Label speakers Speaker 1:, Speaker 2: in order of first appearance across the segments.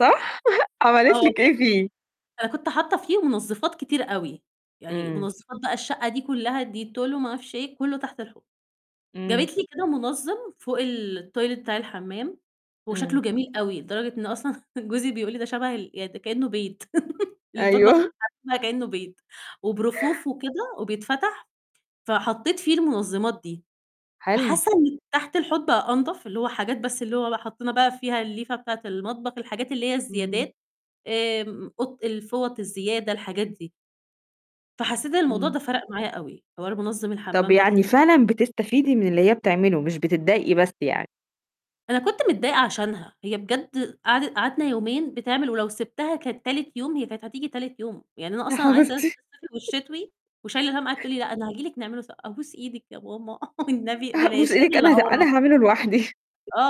Speaker 1: صح؟
Speaker 2: آه
Speaker 1: عملِت لِك
Speaker 2: والله.
Speaker 1: إيه فيه؟
Speaker 2: أنا كنت حاطة فيهم منظفات كتير أوي، يعني
Speaker 1: إمم.
Speaker 2: منظفات بقى الشقة دي كلّها Dettol وما أعرفش إيه، كلّه تحت الحوض.
Speaker 1: إمم.
Speaker 2: جابت لي كده منظم فوق التويلت بتاع الحمام، هو
Speaker 1: إمم.
Speaker 2: شكله جميل أوي لدرجة إن أصلًا جوزي بيقول لي: "ده شبه ال يعني ده كأنه بيت." المطبخ
Speaker 1: أيوه.
Speaker 2: والحمام كأنه بيت وبرفوف وكده وبيتفتح، فحطيت فيه المنظمات دي،
Speaker 1: حلو.
Speaker 2: فحاسة إن تحت الحوض بقى أنضف، اللي هو حاجات بس اللي هو بقى حطينا بقى فيها الليفة بتاعة المطبخ، الحاجات اللي هي
Speaker 1: إمم.
Speaker 2: الزيادات آمم، قط الفوط الزيادة، الحاجات دي. فحسيت إن الموضوع ده
Speaker 1: إمم.
Speaker 2: فرق معايا أوي، حوار منظم
Speaker 1: طب
Speaker 2: الحمام ده بص
Speaker 1: يعني فعلًا بتستفيدي من اللي هي بتعمله مش بتضايقي بس يعني.
Speaker 2: أنا كنت متضايقة عشانها، هي بجد قعدت قعدنا يومين بتعمل، ولو سِبتها كانت تالت يوم هي كانت هتيجي تالت يوم، يعني أنا
Speaker 1: يا
Speaker 2: أصلًا عايزة أنزل
Speaker 1: حبيبتي.
Speaker 2: الصيفي والشتوي وشايلة الهم، قعدت تقول لي: "لأ، أنا هاجي لك نعمله سو" "أبوس إيدِك يا ماما والنبي بلاش."
Speaker 1: أبوس
Speaker 2: أنا
Speaker 1: أيدِك أنا د
Speaker 2: اللي [unintelligible]
Speaker 1: أنا هاعمله لوحدي.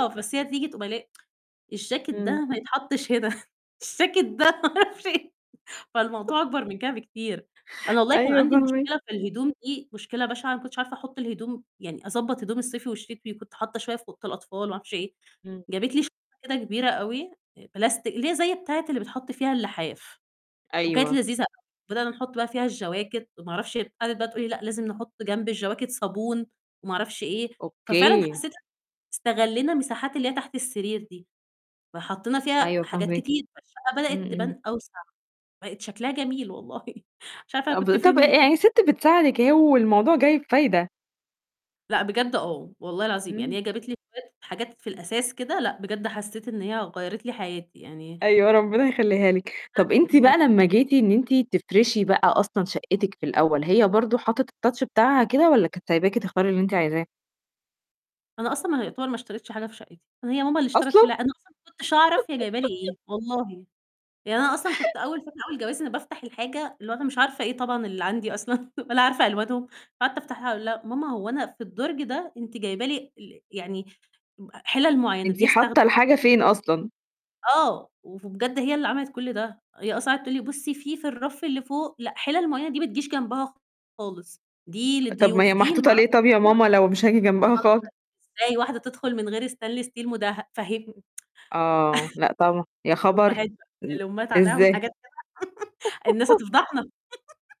Speaker 2: بس هي تيجي تقوم قايلة لي: "الجاكت
Speaker 1: إمم.
Speaker 2: ده ما يتحطش هنا، الجاكت ده ما أعرفش إيه." فالموضوع أكبر من كده بكتير. أنا والله كان
Speaker 1: أيوه
Speaker 2: عندي
Speaker 1: فاهماكِ.
Speaker 2: مشكلة في الهدوم دي مشكلة بشعة، ما كنتش عارفة أحط الهدوم، يعني أضبّط هدوم الصيفي والشتوي، وكنت حاطة شوية في أوضة الأطفال وما أعرفش إيه.
Speaker 1: إمم.
Speaker 2: جابت لي شنطة كده كبيرة أوي آآ بلاستيك اللي هي زي بتاعة اللي بيتحط فيها اللحاف، وكانت
Speaker 1: أيوه.
Speaker 2: لذيذة، بدأنا نحط بقى فيها الجواكت وما أعرفش هي قعدت بقى تقول لي: "لأ، لازم نحط جنب الجواكت صابون وما أعرفش إيه." ففعلًا
Speaker 1: أوكي.
Speaker 2: حسيت استغلّينا مساحات اللي هي تحت السرير دي، فحطينا فيها
Speaker 1: أيوه
Speaker 2: حاجات
Speaker 1: فاهماكِ.
Speaker 2: كتير، فالشقة
Speaker 1: إمم،
Speaker 2: بدأت
Speaker 1: إمم.
Speaker 2: تبان أوسع، بقت شكلها جميل والله، مش عارفة أنا كنت
Speaker 1: أب
Speaker 2: فين
Speaker 1: طب ي
Speaker 2: من كل
Speaker 1: يعني الست بتساعدِك أهي والموضوع جاي بفايدة.
Speaker 2: لا بجد آه والله العظيم، يعني
Speaker 1: إمم.
Speaker 2: هي جابت لي [unintelligible] حاجات في الأساس كده لأ، بجد حسيت إن هي غيّرت لي حياتي يعني
Speaker 1: أيوه، ربنا يخليها لِك. طب أنتِ بقى
Speaker 2: [unintelligible]
Speaker 1: لما جيتِ إن أنتِ تفرشي بقى أصلًا شقتِك في الأول، هي برضه حطت الtouch بتاعها كده والّا كانت سايباكِ تختاري اللي أنتِ عايزاه؟
Speaker 2: أنا أصلًا ما يعتبر ما اشتريتش حاجة في شقتي، هي ماما اللي اشترِت
Speaker 1: أصلًا؟
Speaker 2: كل أنا أصلًا ما كنتش أعرف هي جايبة لي إيه والله. يعني أنا أصلًا كنت أول فترة أول جوازي، أنا بافتح الحاجة اللي هو أنا مش عارفة إيه طبعًا اللي عندي أصلًا ولا عارفة ألوانهم، فقعدت أفتحها، أقول لها: "ماما، هو أنا في الدرج ده أنتِ جايبة لي ال يعني ب حلل معيّنة،
Speaker 1: أنتِ
Speaker 2: دي
Speaker 1: حاطة
Speaker 2: أستخدمها؟"
Speaker 1: الحاجة فين أصلًا؟
Speaker 2: آه، وبجد هي اللي عملت كل ده. هي أصلًا قعدت تقول لي: "بُصّي في الرف اللي فوق، لأ، حلل معيّنة دي ما تجيش جنبها خالص، دي
Speaker 1: أ طب ما
Speaker 2: للضيوف،
Speaker 1: هي
Speaker 2: دي لما
Speaker 1: محطوطة
Speaker 2: أعرف"
Speaker 1: ليه طب يا ماما لو مش هاجي جنبها خالص؟
Speaker 2: [unintelligible] "إزاي واحدة تدخل من غير stainless steel مدهب؟" فاهم
Speaker 1: آه، لأ طبعًا، يا خبر!
Speaker 2: الأمهات بقى،
Speaker 1: إن
Speaker 2: الأمهات عليهم
Speaker 1: إزاي؟
Speaker 2: حاجات كده، الناس هتفضحنا.